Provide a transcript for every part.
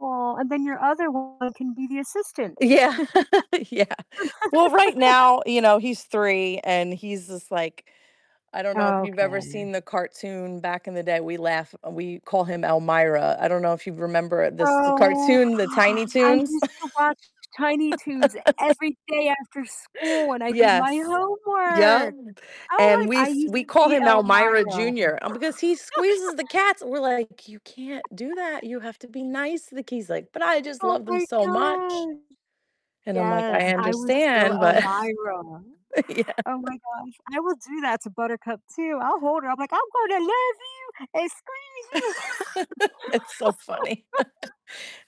Aw, and then your other one can be the assistant. Yeah, yeah. Well, right now, you know, he's 3 and he's just like I don't know if you've ever Okay. seen the cartoon back in the day, we laugh we call him Elmyra. I don't know if you remember this Oh. cartoon, the Tiny I Toons. used to watch Tiny Toons every day after school when I did my Yes. Yep. homework! Oh, And like, we I s used we to call be him Elmyra Elmyra. Jr. Um, because he squeezes the cats and we're like, "You can't do that. You have to be nice to the k" He's like, "But I just Oh love them my so much." gosh. And I'm like, "I Yes, I was still understand, but" Elmyra. Yeah. Oh my gosh, I will do that to Buttercup too, I'll hold her, I'll be like, "I'm going to love you and squeeze you." It's so funny.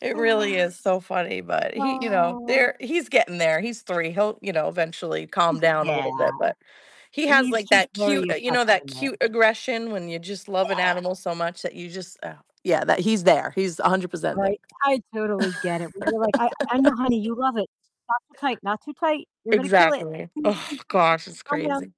It really is so funny. But he, you know, Oh. they're he's getting there. He's 3, he'll, you know, eventually calm [unintelligible] down a Yeah. little bit, but he has He's like just that very cute, you know that affectionate. cute aggression when you just love an Yeah. animal so much that you just, uh, yeah, that he's there. He's 100% there. Right, I totally get it when you're like, "I I know, honey, you love it. Not too tight, not too tight, you're gonna kill it, Exactly. please, Oh please, just just gosh, it's calm down." crazy.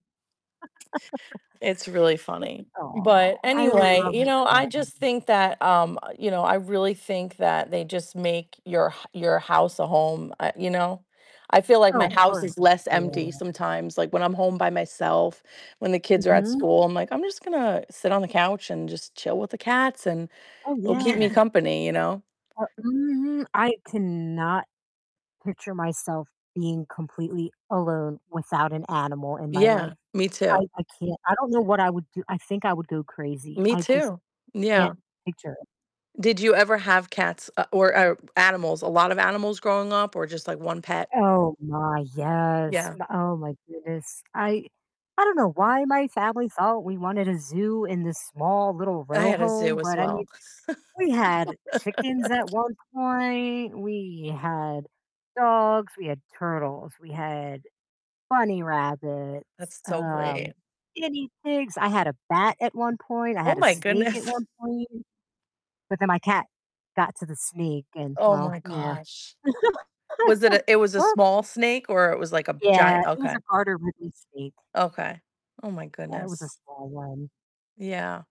It's really funny. [unintelligible] Aw, But I anyway, love you it know, I then. just think that, um, you know, I really think that they just make your h your house a home. I you know? I feel like my Oh, house for is less empty sure. sometimes, like when I'm home by myself, when the kids are at Mhm. school, I'm like, "I'm just gonna sit on the couch and just chill with the cats and Oh, it'll keep yeah. me company," you know? Uh, mhm, I cannot picture myself being completely alone without an animal in my life. Yeah. Me I too. I can't. I don't know what I would do. I think I would go crazy. Me I just too. can't Yeah. picture it. Did you ever have cats? Uh, or or animals a lot of animals growing up or just, like, 1 pet? Oh my, yes, Yeah. m oh my goodness. I I don't know why my family thought we wanted a zoo in this small little I row had a home, zoo as but I mean, well. we had chickens at one point, we had dogs, we had turtles, we had bunny rabbits, That's so um, great. guinea pigs. I had a bat at one point, I Oh had a my snake at one goodness. point but then my cat got to the snake and, Oh well, my yeah. gosh. Was it a it was a What? small snake or it was like a Yeah, giant it was Okay. a garter [unintelligible] snake. Okay. Oh my Yeah, it was a goodness. small one. Yeah.